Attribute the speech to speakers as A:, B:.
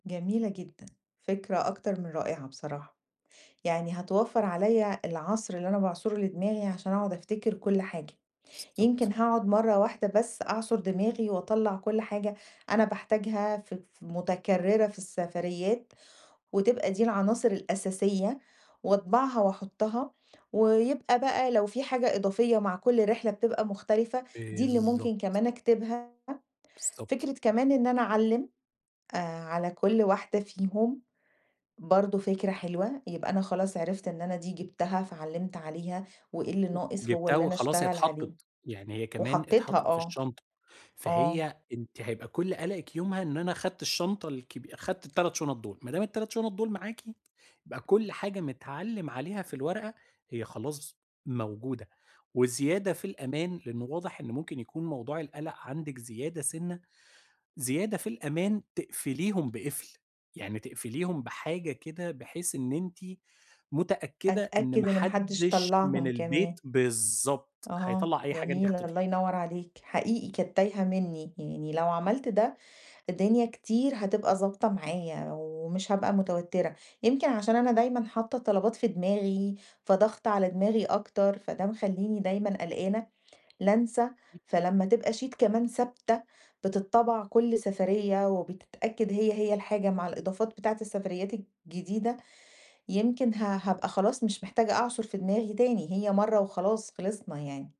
A: جميلة جدًا، فكرة أكتر من رائعة بصراحة، يعني هتوفّر عليَّ العصْر اللي أنا باعْصُره لدماغي عشان أقعد أفتكر كُلّ حاجة،
B: بالضبط.
A: يمكن هاقعد مَرّة واحدة بس أعْصُر دماغي وأطلّع كُلّ حاجة أنا باحتاجها ف ف مُتكرِّرة في السفريات وتبقى دي العناصر الأساسية وأطبعها وأحطّها، ويبقى بقى لو في حاجة إضافية مع كُلّ رحلة بتبقى مختلفة دي اللي مُمكن
B: بالضبط.
A: كمان أكتبها،
B: بالضبط.
A: فكْرة كمان إن أنا أعلِّم آآ، على كُلّ واحدة فيهم برضو فكْرة حلوة، يبقى أنا خلاص عرفت إن أنا دي جبتها فعلِّمت عليها وإيه اللي ناقص هو
B: جبتها
A: اللي أنا
B: وخلاص هي
A: أشتغل عليه،
B: اتحطِّت، يعني هي كمان
A: وحطّيتها
B: اتحطِّت في
A: آه،
B: الشنطة،
A: آه.
B: فهي أنتِ هيبقى كُلّ قلَقِك يومها إن أنا خدت الشنطة الكبي خدت ال3 شُنط دول، ما دام ال3 شُنط دول معاكِ يبقى كُلّ حاجة متْعلِّم عليها في الورقة هي خلاص موجودة، وزيادة في الأمان لأنه واضح إن مُمكن يكون موضوع القَلَق عندِك زيادة سِنَّة، زيادة في الأمان تقْفِليهم بقفْل، يعني تقْفِليهم بحاجة كده بحيث إن أنتِ مُتأكّدة إن
A: أتأكد
B: ما
A: إن ما حدِّش
B: حدِّش من
A: طلّعهم كمان.
B: البيت بالضبط
A: أها
B: هيطلَّع أي حاجة أنتِ
A: جميلة، الله
B: حطّيتيها.
A: ينوّر عليك، حقيقي كانت تايهة منّي، يعني لو عملت ده الدنيا كتير هتبقى ضابطة معايا ومش هابقى متوتَّرة، يمكن عشان أنا دايمًا حاطّة الطلبات في دماغي فضاغْطة على دماغي أكتر، فده مخلّيني دايمًا قلقّانة لانْسى، فلمّا تبقى sheet كمان ثابتة بِتِتْطبع كُلّ سفرية وبتتأكد هي هي الحاجة مع الإضافات بتاعة السفريات الجديدة، يمكن ه هابقى خلاص مش محتاجة أعْصُر في دماغي تاني، هي مَرّة وخلاص خلِصْنا يعني.